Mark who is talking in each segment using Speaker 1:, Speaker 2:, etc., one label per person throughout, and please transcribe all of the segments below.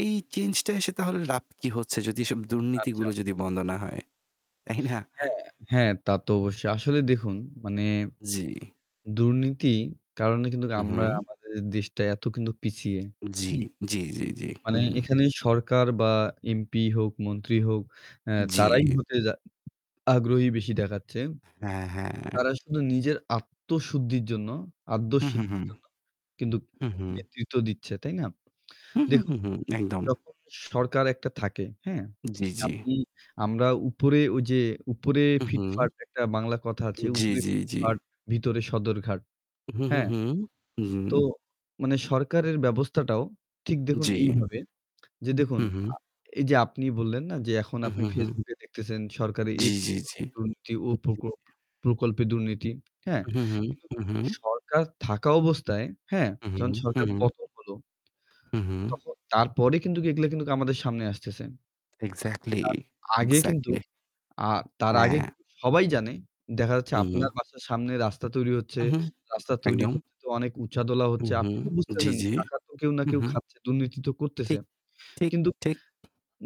Speaker 1: এই চেঞ্জটা এসে তাহলে লাভ কি হচ্ছে যদি এসব
Speaker 2: আচ্ছা।
Speaker 1: দুর্নীতিগুলো যদি বন্ধ না হয়, তাইনা?
Speaker 2: হ্যাঁ, হ্যাঁ, তা তো অবশ্যই। আসলে দেখুন, মানে
Speaker 1: জি।
Speaker 2: দুর্নীতি কারণে কিন্তু
Speaker 1: হু,
Speaker 2: আমরা
Speaker 1: হুম।
Speaker 2: আমাদের দেশটা এত কিন্তু পিছিয়ে।
Speaker 1: জি,
Speaker 2: হুম?
Speaker 1: জি, জি, জি।
Speaker 2: মানে
Speaker 1: হুউ।
Speaker 2: এখানে সরকার বা MP হোক, মন্ত্রী হোক, এ তারাই
Speaker 1: জি।
Speaker 2: হতে যা আগ্রহী বেশি দেখা যাচ্ছে।
Speaker 1: হ্যাঁ, হ্যাঁ।
Speaker 2: তারা শুধু নিজের আত্মশুদ্ধির জন্য আদ্য
Speaker 1: হু, হু, হু।
Speaker 2: সিদ্ধির জন্য কিন্তু
Speaker 1: হু, হু।
Speaker 2: নেতৃত্ব দিচ্ছে, তাই না?
Speaker 1: হু,
Speaker 2: দেখুন,
Speaker 1: হু, হুম। একদম।
Speaker 2: যখন যে সরকার একটা থাকে, হ্যাঁ?
Speaker 1: জি, জি।
Speaker 2: আপনি আমরা উপরে ওইযে উপরে
Speaker 1: উহু।
Speaker 2: ফিটফাট একটা বাংলা কথা আছে,
Speaker 1: জি,
Speaker 2: 'উপরে
Speaker 1: জি, জি।
Speaker 2: ফিটফাট ভিতরে সদর ঘাট',
Speaker 1: হু, হু,
Speaker 2: হ্যাঁ?
Speaker 1: হুম। হু, হুম।
Speaker 2: তো মানে সরকারের ব্যবস্থাটাও ঠিক দেখুন
Speaker 1: জি।
Speaker 2: এইভাবে। যে দেখুন
Speaker 1: হু,
Speaker 2: আ
Speaker 1: হু।
Speaker 2: এইযে আপনি বললেন না যে এখন
Speaker 1: হু,
Speaker 2: আপনি
Speaker 1: হু, হুম।
Speaker 2: Facebook এ দেখতেছেন সরকারি এই
Speaker 1: জি, জি, জি।
Speaker 2: প্রকল্পে দুর্নীতি, ওই প্রক
Speaker 1: [unintelligible]
Speaker 2: প্রকল্পে দুর্নীতি। হ্যাঁ?
Speaker 1: হু, হু, হুম।
Speaker 2: কিন্তু
Speaker 1: হুম, হু।
Speaker 2: সরকার থাকা অবস্থায়, হ্যাঁ?
Speaker 1: হু, হুম।
Speaker 2: যখন
Speaker 1: হু,
Speaker 2: সরকার
Speaker 1: হুম।
Speaker 2: পতন হলো
Speaker 1: হু, হু।
Speaker 2: তখন তারপরে কিন্তু এগুলা কিন্তু আমাদের সামনে আসতেছে।
Speaker 1: এক্সাক্টলি,
Speaker 2: তার আগে কিন্তু
Speaker 1: এক্সাক্টলি।
Speaker 2: আ তার আগে
Speaker 1: হ্যা।
Speaker 2: কিন্তু সবাই জানে দেখা যাচ্ছে
Speaker 1: হুম।
Speaker 2: আপনার বাসার সামনে রাস্তা তৈরি হচ্ছে।
Speaker 1: হু, হু।
Speaker 2: রাস্তা তৈরি
Speaker 1: একদম।
Speaker 2: করতে তো অনেক উছাদোলা
Speaker 1: হু,
Speaker 2: হচ্ছে।
Speaker 1: হু।
Speaker 2: আপনি তো
Speaker 1: জি,
Speaker 2: বুঝতেছেন
Speaker 1: জি।
Speaker 2: টাকা তো কেউ না
Speaker 1: হু,
Speaker 2: কেউ
Speaker 1: হু।
Speaker 2: খাচ্ছে। দুর্নীতি তো করতেছে।
Speaker 1: ঠিক, ঠিক,
Speaker 2: কিন্তু
Speaker 1: ঠিক।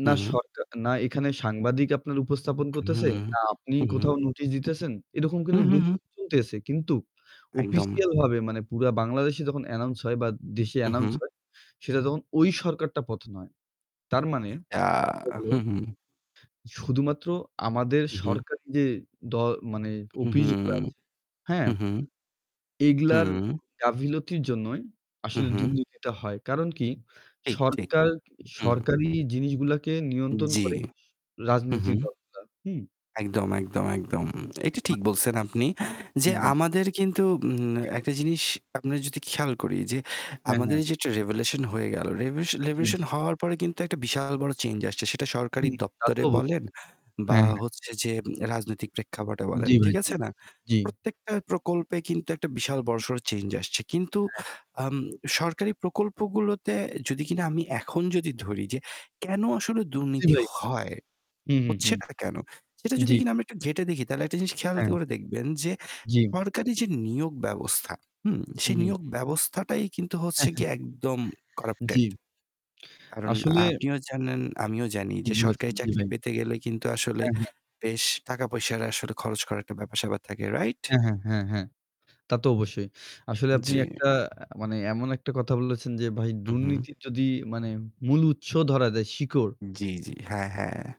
Speaker 1: হু,
Speaker 2: না
Speaker 1: হু।
Speaker 2: সরকা না এখানে সাংবাদিক আপনার উপস্থাপন করতেছে,
Speaker 1: হুম।
Speaker 2: না আপনি
Speaker 1: হু, হু।
Speaker 2: কোথাও নোটিশ দিতেছেন। এরকম
Speaker 1: হু,
Speaker 2: কিন্তু
Speaker 1: হু, হু।
Speaker 2: দুর্নীতি চলতেছে। কিন্তু
Speaker 1: একদম।
Speaker 2: অফিসিয়ালভাবে মানে পুরা বাংলাদেশে যখন announce হয় বা দেশে
Speaker 1: হু,
Speaker 2: announce
Speaker 1: হুম।
Speaker 2: হয়, সেটা তখন ওই সরকারটা পতন হয়। তার মানে
Speaker 1: আ
Speaker 2: হলো
Speaker 1: হু, হুম।
Speaker 2: শুধুমাত্র আমাদের
Speaker 1: হু, হু।
Speaker 2: সরকারি যে দল মানে
Speaker 1: হু, হু।
Speaker 2: অফিসগুলা আছে, হ্যাঁ?
Speaker 1: হু, হু।
Speaker 2: এগুলার
Speaker 1: হু।
Speaker 2: গাফিলতির জন্যই
Speaker 1: হু,
Speaker 2: আসলে
Speaker 1: হু।
Speaker 2: দুর্নীতিটা হয়। কারণ কি?
Speaker 1: ঠিক, ঠিক।
Speaker 2: সরকার
Speaker 1: হু।
Speaker 2: সরকারি জিনিসগুলোকে
Speaker 1: উ
Speaker 2: নিয়ন্ত্রণ
Speaker 1: জি।
Speaker 2: করে স
Speaker 1: হু, হু।
Speaker 2: রাজনীতির দলগুলা, হুম?
Speaker 1: একদম, একদম, একদম। এটা
Speaker 2: [unintelligible]
Speaker 1: ঠিক বলছেন আপনি
Speaker 2: হু,
Speaker 1: যে
Speaker 2: উম।
Speaker 1: আমাদের কিন্তু উম
Speaker 2: জি, ভাই।
Speaker 1: একটা জিনিস আমরা যদি খেয়াল করি যে
Speaker 2: হ্যাঁ,
Speaker 1: আমাদের
Speaker 2: হ্যাঁ।
Speaker 1: এই যেটা revolution হয়ে গেল। রেভু
Speaker 2: জি,
Speaker 1: revolution
Speaker 2: জি, জি।
Speaker 1: হওয়ার পরে কিন্তু একটা বিশাল বড় চেঞ্জ আসছে সেটা সরকারি
Speaker 2: হুম। তা তো
Speaker 1: দপ্তরে বলেন
Speaker 2: অবশ্যই।
Speaker 1: বা
Speaker 2: হ্যাঁ, হ্যাঁ।
Speaker 1: হচ্ছে যে রাজনৈতিক প্রেক্ষাপটে
Speaker 2: জি
Speaker 1: বলেন,
Speaker 2: ভাই।
Speaker 1: ঠিক
Speaker 2: জি, জি,
Speaker 1: আছে না?
Speaker 2: জি। জি।
Speaker 1: প্রত্যেকটা প্রকল্পে কিন্তু একটা বিশাল
Speaker 2: হু।
Speaker 1: বড়সড় চেঞ্জ আসছে। কিন্তু
Speaker 2: হ্যাঁ, হ্যাঁ।
Speaker 1: আম সরকারি প্রকল্পগুলোতে যদি কিনা আমি এখন যদি ধরি যে কেনো আসলে
Speaker 2: জি
Speaker 1: দুর্নীতি
Speaker 2: ভাই।
Speaker 1: হয়?
Speaker 2: হু, হু, হুম।
Speaker 1: হচ্ছেটা কেনো? সেটা যদি
Speaker 2: জি।
Speaker 1: কিনা আমি একটু ঘেঁটে দেখি তাহলে একটি জিনিস খেয়াল দ
Speaker 2: হ্যাঁ।
Speaker 1: করে দেখবেন যে
Speaker 2: জি।
Speaker 1: সরকারি যে নিয়োগ ব্যবস্থা, হুম?
Speaker 2: হু,
Speaker 1: সেই
Speaker 2: হু, হু।
Speaker 1: নিয়োগ ব্যবস্থাটাই কিন্তু
Speaker 2: হ্যা,
Speaker 1: হচ্ছে
Speaker 2: হ্যা।
Speaker 1: গিয়ে একদম corrupted।
Speaker 2: জি।
Speaker 1: কারণ
Speaker 2: আসলে
Speaker 1: আপনিও জানেন, আমিও জানি
Speaker 2: ঠিক
Speaker 1: যে
Speaker 2: বলেছেন।
Speaker 1: সরকারি
Speaker 2: জি
Speaker 1: চাকরি
Speaker 2: ভাই।
Speaker 1: পেতে গেলে কিন্তু আসলে
Speaker 2: হ্যাঁ, হ্যাঁ।
Speaker 1: বেশ টাকা-পয়সার আসলে খরচ করার একটা ব্যাপার-স্যাপার থাকে, রাইট?
Speaker 2: হ্যাঁ, হ্যাঁ। হ্যাঁ, হ্যাঁ। তা তো অবশ্যই। আসলে
Speaker 1: জি।
Speaker 2: আপনি একটা মানে এমন একটা কথা বলেছেন যে ভাই
Speaker 1: হু, হু।
Speaker 2: দুর্নীতি যদি মানে মূল উৎস ধরা যায়, শিকড়
Speaker 1: জি, জি। হ্যাঁ, হ্যাঁ।